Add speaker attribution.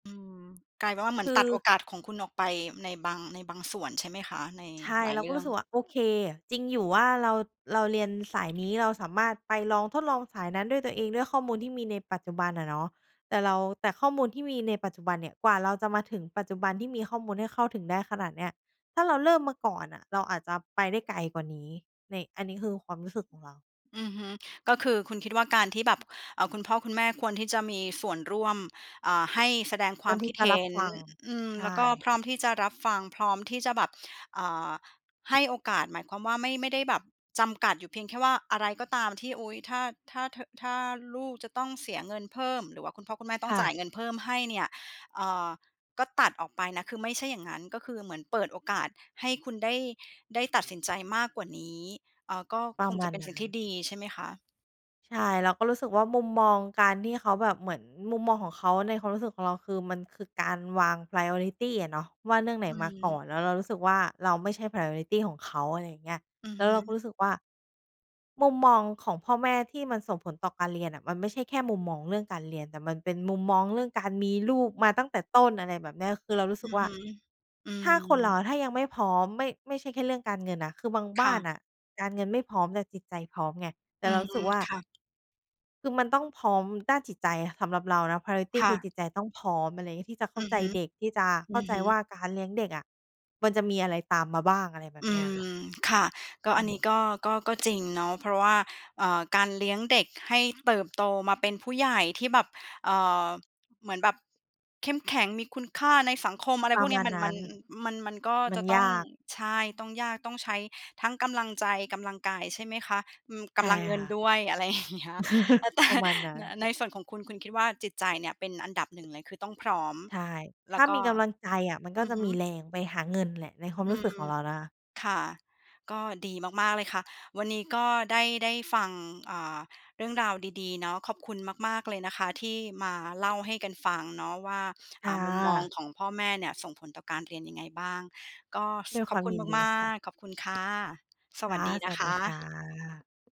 Speaker 1: อืม กลายเป็นว่าเหมือ
Speaker 2: ค
Speaker 1: นตัดโอ
Speaker 2: ือ
Speaker 1: กาสของคุณออกไปในบาง ในบางส่วนใช่ไหมคะ? ใน
Speaker 2: ใช่
Speaker 1: หลา
Speaker 2: เ
Speaker 1: ย
Speaker 2: รา
Speaker 1: เร
Speaker 2: ก
Speaker 1: ื
Speaker 2: ็
Speaker 1: ่
Speaker 2: ร
Speaker 1: อ
Speaker 2: ู้
Speaker 1: ง
Speaker 2: สึกว่า โอเค จริงอยู่ว่าเรา เราเรียนสาย นี้เราสามารถไปลอง ทดลองสายนั้นด้วยตัวเองด้วยข้อมูลที่มีในปัจจุบันอะเนาะ แต่เรา แต่ข้อมูลที่มีในปัจจุบันเนี่ย กว่าเราจะมาถึงปัจจุบันที่มีข้อมูลให้เข้าถึงได้ขนาดเนี้ย ถ้าเราเริ่มมาก่อนอะเราอาจจะไปได้ไกลกว่านี้ ใน อันนี้คือความรู้สึกของเรา
Speaker 1: อือฮึ ก็คือคุณคิดว่าการที่แบบ เออ คุณพ่อคุณแม่ควรที่จะมีส่วนร่วม อ่า ให้แสดงค
Speaker 2: เพื
Speaker 1: ว
Speaker 2: ่
Speaker 1: า
Speaker 2: อ
Speaker 1: ม
Speaker 2: นท
Speaker 1: ค
Speaker 2: ี่
Speaker 1: ิด
Speaker 2: จะ
Speaker 1: เห
Speaker 2: รั
Speaker 1: ็
Speaker 2: บ
Speaker 1: น
Speaker 2: ฟัง
Speaker 1: อ อืม
Speaker 2: ใช
Speaker 1: แล้วก็
Speaker 2: ่
Speaker 1: พร้อมที่จะรับฟัง พร้อมที่จะแบบ อ่า ให้โอกาส หมายความว่าไม่ ไม่ได้แบบจำกัดอยู่เพียงแค่ว่าอะไรก็ตามที่ อุ๊ย ถ้า ถ้า เธอ ถ้าลูกจะต้องเสียเงินเพิ่ม หรือว่าคุณพ่อคุณแม่ต้อ
Speaker 2: ค
Speaker 1: ง
Speaker 2: ่
Speaker 1: จ่าย
Speaker 2: ะ
Speaker 1: เงินเพิ่มให้เนี่ย เออ ก็ตัดออกไปนะ คือไม่ใช่อย่างงั้น ก็คือเหมือนเปิดโอกาสให้คุณได้ ได้ตัดสินใจมากกว่านี้ อ่า ก็
Speaker 2: ปร
Speaker 1: ค
Speaker 2: ะ
Speaker 1: ง
Speaker 2: ม
Speaker 1: จ
Speaker 2: า
Speaker 1: ะ
Speaker 2: ณ
Speaker 1: เป็น
Speaker 2: น
Speaker 1: สิ
Speaker 2: ั
Speaker 1: ่ง
Speaker 2: ้
Speaker 1: ที่
Speaker 2: น
Speaker 1: ดีใช่ไหมคะ?
Speaker 2: ใช่ เราก็รู้สึกว่า มุมมองการที่เขาแบบ เหมือนมุมมองของเขาในความรู้สึกของเราคือ มันคือการวาง priority อะเนาะ ว่าเรื่องไหน
Speaker 1: อื
Speaker 2: มาก่
Speaker 1: ม
Speaker 2: อน แล้วเรารู้สึกว่า เราไม่ใช่ priority ของเขา อะไรอย่างเงี้ย
Speaker 1: อื
Speaker 2: แ
Speaker 1: อ
Speaker 2: ล้ว
Speaker 1: ฮ
Speaker 2: เราก็
Speaker 1: ึ
Speaker 2: รู้สึกว่า มุมมองของพ่อแม่ที่มันส่งผลต่อการเรียนน่ะ มันไม่ใช่แค่มุมมองเรื่องการเรียน แต่มันเป็นมุมมองเรื่องการมีลูกมาตั้งแต่ต้น อะไรแบบเนี้ย คือเรารู้
Speaker 1: อ
Speaker 2: สึ
Speaker 1: ื
Speaker 2: ก
Speaker 1: อ
Speaker 2: ว่า
Speaker 1: ฮึ อื
Speaker 2: ถ้า
Speaker 1: ม
Speaker 2: คนเราถ้ายังไม่พร้อม ไม่ ไม่ใช่แค่เรื่องการเงินน่ะ คือบาง
Speaker 1: ค
Speaker 2: บ้
Speaker 1: ่
Speaker 2: าน
Speaker 1: ะ
Speaker 2: น่ะการเงินไม่พร้อมแต่จิตใจพร้อมไง แต่
Speaker 1: อ
Speaker 2: เ
Speaker 1: ื
Speaker 2: รา
Speaker 1: อ
Speaker 2: รู
Speaker 1: ฮ
Speaker 2: ้ส
Speaker 1: ึ
Speaker 2: ึกว่า
Speaker 1: ค่ะ
Speaker 2: คือมันต้องพร้อมด้านจิตใจ สำหรับเรานะ priority
Speaker 1: ค่
Speaker 2: คือ
Speaker 1: ะ
Speaker 2: จิตใจต้องพร้อม อะไรอย่างงี้ ที่จะเข้
Speaker 1: อ
Speaker 2: า
Speaker 1: ือ
Speaker 2: ใจ
Speaker 1: ฮึ
Speaker 2: เด็ก จะ
Speaker 1: อ
Speaker 2: เข้
Speaker 1: ื
Speaker 2: า
Speaker 1: อ
Speaker 2: ใจ
Speaker 1: ฮึ
Speaker 2: ว่าการเลี้ยงเด็กอะมันจะมีอะไรตามมาบ้าง อะไรแบ
Speaker 1: อ
Speaker 2: บ
Speaker 1: ื
Speaker 2: นี้อะค่
Speaker 1: ม
Speaker 2: ะ
Speaker 1: ค่ะ ก็
Speaker 2: อื
Speaker 1: อันนี้
Speaker 2: ม
Speaker 1: ก็ ก็ ก็จริงเนาะ เพราะว่า เออ การเลี้ยงเด็กให้เติบโตมาเป็นผู้ใหญ่ที่แบบ เออ เหมือนแบบเข้มแข็ง มีคุณค่าในสังคม อะไร
Speaker 2: ปร
Speaker 1: พ
Speaker 2: ะ
Speaker 1: วกเ
Speaker 2: ม
Speaker 1: นี้
Speaker 2: า
Speaker 1: ย
Speaker 2: ณ
Speaker 1: มัน
Speaker 2: น
Speaker 1: ม
Speaker 2: ั
Speaker 1: ั
Speaker 2: ้น
Speaker 1: น มัน มันก็
Speaker 2: มั
Speaker 1: จ
Speaker 2: น
Speaker 1: ะต
Speaker 2: ย
Speaker 1: ้อง
Speaker 2: าก
Speaker 1: ใช่ ต้องยาก ต้องใช้ทั้งกำลังใจ กำลังกายใช่ไหมคะ? อืม ก
Speaker 2: ใช่
Speaker 1: ำลังเงิ
Speaker 2: ค
Speaker 1: น
Speaker 2: ่ะ
Speaker 1: ด้วย อะไร อย่างเงี้ย เออ แต่
Speaker 2: ประมาณนั้
Speaker 1: น
Speaker 2: น
Speaker 1: ในส่วนของคุณ คุณคิดว่าจิตใจเนี่ยเป็นอันดับ 1 เลย คือต้องพร้อม
Speaker 2: ใช่ ถ
Speaker 1: แล
Speaker 2: ้
Speaker 1: ้
Speaker 2: า
Speaker 1: วก
Speaker 2: ม
Speaker 1: ็
Speaker 2: ีกำลังใจอะ มันก็
Speaker 1: อื
Speaker 2: จ
Speaker 1: อ
Speaker 2: ะ
Speaker 1: ฮ
Speaker 2: มี
Speaker 1: ึ
Speaker 2: แรงไปหาเงินแหละ ในความ
Speaker 1: อื
Speaker 2: รู้สึกข
Speaker 1: ม
Speaker 2: องเรานะคะ
Speaker 1: ค่ะ ก็ดีมาก ๆ เลยค่ะ วันนี้ก็ได้ ได้ฟัง อ่า เรื่องราวดี ๆ เนาะ ขอบคุณมาก ๆ เลยนะคะที่มาเล่าให้กันฟังเนาะว่า
Speaker 2: ค
Speaker 1: อ่
Speaker 2: ่
Speaker 1: า มุมมอง
Speaker 2: ะ
Speaker 1: ของพ่อแม่เนี่ยส่งผลต่อการเรียนยังไงบ้าง? ก็ ฟ
Speaker 2: ด้วย
Speaker 1: ข
Speaker 2: ค
Speaker 1: อ
Speaker 2: ว
Speaker 1: บ
Speaker 2: าม
Speaker 1: คุณ
Speaker 2: ยินดี
Speaker 1: มา
Speaker 2: ค่ะ
Speaker 1: ก ๆ ขอบคุณค่ะ ส
Speaker 2: ค
Speaker 1: ว
Speaker 2: ่
Speaker 1: ัส
Speaker 2: ะ
Speaker 1: ดี
Speaker 2: ส
Speaker 1: นะ
Speaker 2: วัส
Speaker 1: ค
Speaker 2: ดีค่
Speaker 1: ะ
Speaker 2: ะ